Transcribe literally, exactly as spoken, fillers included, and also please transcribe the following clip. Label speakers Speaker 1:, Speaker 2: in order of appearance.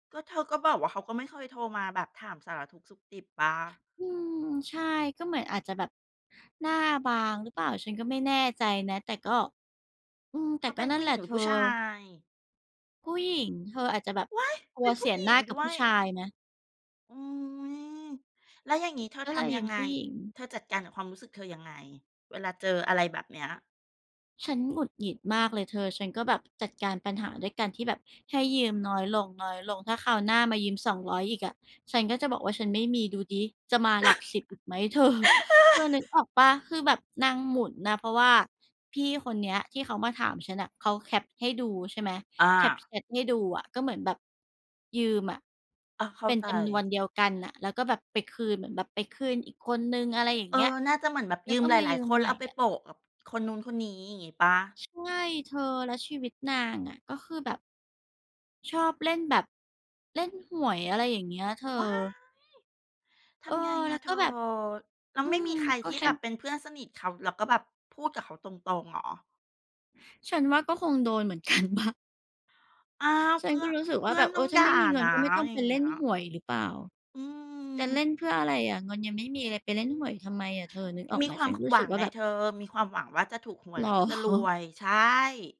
Speaker 1: ก็เธอก็บอกว่า เขาก็ไม่เคยโทรมาแบบถามสารทุกข์สุกดิบเปล่า?
Speaker 2: อืม ใช่ ก็เหมือนอาจจะแบบหน้าบางหรือเปล่า ฉันก็ไม่แน่ใจนะ แต่ก็ อืม
Speaker 1: เ
Speaker 2: แต
Speaker 1: ข
Speaker 2: ่
Speaker 1: าเ
Speaker 2: ก
Speaker 1: ป
Speaker 2: ็
Speaker 1: ็น
Speaker 2: นั
Speaker 1: ผ
Speaker 2: ่
Speaker 1: ู
Speaker 2: น
Speaker 1: ้
Speaker 2: แห
Speaker 1: ห
Speaker 2: ล
Speaker 1: ญ
Speaker 2: ะ
Speaker 1: ิงห
Speaker 2: เ
Speaker 1: ร
Speaker 2: ธ
Speaker 1: ือผ
Speaker 2: อ
Speaker 1: ู้ชาย?
Speaker 2: ผู้หญิงเธอ อาจจะแบบ
Speaker 1: ว้าย!
Speaker 2: กลั
Speaker 1: เป็
Speaker 2: ว
Speaker 1: นผ
Speaker 2: เ
Speaker 1: ู
Speaker 2: ส
Speaker 1: ้
Speaker 2: ีย
Speaker 1: หญ
Speaker 2: หน
Speaker 1: ิ
Speaker 2: ้
Speaker 1: ง
Speaker 2: ากั
Speaker 1: ด
Speaker 2: บ
Speaker 1: ้
Speaker 2: ผ
Speaker 1: ว
Speaker 2: ู้
Speaker 1: ย
Speaker 2: ชายไหม?
Speaker 1: อุ๊ย แล้วอย่างงี้เธอ
Speaker 2: ก็
Speaker 1: ท
Speaker 2: เลย
Speaker 1: ำ
Speaker 2: ย
Speaker 1: ย
Speaker 2: ื
Speaker 1: ัง
Speaker 2: ม
Speaker 1: ไง?
Speaker 2: ผู้หญิง
Speaker 1: เธอจัดการกับความรู้สึกเธอยังไง? เวลาเจออะไรแบบเนี้ย
Speaker 2: ฉันหงุดหงิดมากเลยเธอ ฉันก็แบบจัดการปัญหาด้วยการที่แบบให้ยืมน้อยลง ๆ ถ้าคราวหน้ามายืม สองร้อย อีกอะ ฉันก็จะบอกว่าฉันไม่มี ดูซิจะมาหลักสิบอีกไหม เธอ เธอนึกออกเปล่า คือแบบนางหมุนน่ะ เพราะว่า พี่คนเนี้ยที่เขามาถามฉันน่ะ เขาแคปให้ดู ใช่ไหม
Speaker 1: อ
Speaker 2: แคป
Speaker 1: า
Speaker 2: แชตให้ดูอะ ก็เหมือนแบบ ยืมอะ
Speaker 1: อา เข้
Speaker 2: เ
Speaker 1: า
Speaker 2: ป็น
Speaker 1: ใจ
Speaker 2: จำนวนเดียวกันน่ะ แล้วก็แบบไปคืน เหมือนแบบไปคืนอีกคนหนึ่ง อะไรอย่าง
Speaker 1: เอ
Speaker 2: เงี้ย
Speaker 1: อ น่าจะเหมือนแบบ
Speaker 2: แล้
Speaker 1: ย
Speaker 2: ว
Speaker 1: ื
Speaker 2: ก
Speaker 1: ม
Speaker 2: ็
Speaker 1: หล
Speaker 2: มาย
Speaker 1: า
Speaker 2: ื
Speaker 1: ย ๆ
Speaker 2: ม
Speaker 1: คน
Speaker 2: ใ
Speaker 1: แล
Speaker 2: ห
Speaker 1: ้
Speaker 2: ม
Speaker 1: ว
Speaker 2: ่
Speaker 1: เอาไป
Speaker 2: อะ
Speaker 1: โปะกับคนนู้นคนนี้ อย่างงี้เปล่า?
Speaker 2: ใช่เธอ และชีวิตนางอะ ก็คือแบบ ชอบเล่นแบบ เล่นหวย อะไรอย่างเงี้ยเธอ
Speaker 1: ว้าย! ท
Speaker 2: เออ
Speaker 1: ำไง
Speaker 2: แ
Speaker 1: อ
Speaker 2: ล้
Speaker 1: ะ
Speaker 2: ว
Speaker 1: เ
Speaker 2: ก
Speaker 1: ธ
Speaker 2: ็
Speaker 1: อ
Speaker 2: แบบ
Speaker 1: แล้
Speaker 2: อ
Speaker 1: ว
Speaker 2: ื
Speaker 1: ไม่
Speaker 2: ม
Speaker 1: มีใคร
Speaker 2: ก็
Speaker 1: ที่
Speaker 2: ฉ
Speaker 1: แ
Speaker 2: ั
Speaker 1: บบ
Speaker 2: น
Speaker 1: เป็นเพื่อนสนิทเขา แล้วก็แบบพูดกับเขาตรง ๆ เหรอ?
Speaker 2: ฉันว่าก็คงโดนเหมือน กันเปล่า?
Speaker 1: อ้าว
Speaker 2: ฉ
Speaker 1: เ
Speaker 2: ั
Speaker 1: พ
Speaker 2: น
Speaker 1: ื่
Speaker 2: ก
Speaker 1: อ
Speaker 2: ็
Speaker 1: น
Speaker 2: รู้สึก
Speaker 1: เพ
Speaker 2: ว่า
Speaker 1: ื่
Speaker 2: แ
Speaker 1: อ
Speaker 2: บ
Speaker 1: น
Speaker 2: บ เอ
Speaker 1: ต้อ
Speaker 2: อ
Speaker 1: ง
Speaker 2: ถ้
Speaker 1: ด
Speaker 2: า
Speaker 1: ่
Speaker 2: ไ
Speaker 1: า
Speaker 2: ม่มีเงิ
Speaker 1: น
Speaker 2: น
Speaker 1: ะ
Speaker 2: ก็ไม่ต้อง
Speaker 1: อย
Speaker 2: ไ
Speaker 1: ่
Speaker 2: ป
Speaker 1: าง
Speaker 2: เ
Speaker 1: เ
Speaker 2: ล
Speaker 1: งี
Speaker 2: ่
Speaker 1: ้
Speaker 2: น
Speaker 1: ย
Speaker 2: ห่วยหรือเปล่า
Speaker 1: อื
Speaker 2: จะเล่
Speaker 1: ม
Speaker 2: นเพื่ออะไรอะ เงินยังไม่มีเลยไปเล่นห่วยทำไมอะ เธอนึกออก
Speaker 1: ม
Speaker 2: ไ
Speaker 1: ี
Speaker 2: หม?
Speaker 1: ควา
Speaker 2: ฉั
Speaker 1: ม
Speaker 2: นรู้
Speaker 1: หว
Speaker 2: สึ
Speaker 1: ั
Speaker 2: ก
Speaker 1: ง
Speaker 2: ว่า
Speaker 1: ไง
Speaker 2: แบบ
Speaker 1: เธอ มีความหวังว่าจะถูกหว
Speaker 2: เ
Speaker 1: ย
Speaker 2: หร
Speaker 1: แล้วก็จะรว
Speaker 2: อ?
Speaker 1: ย ใช่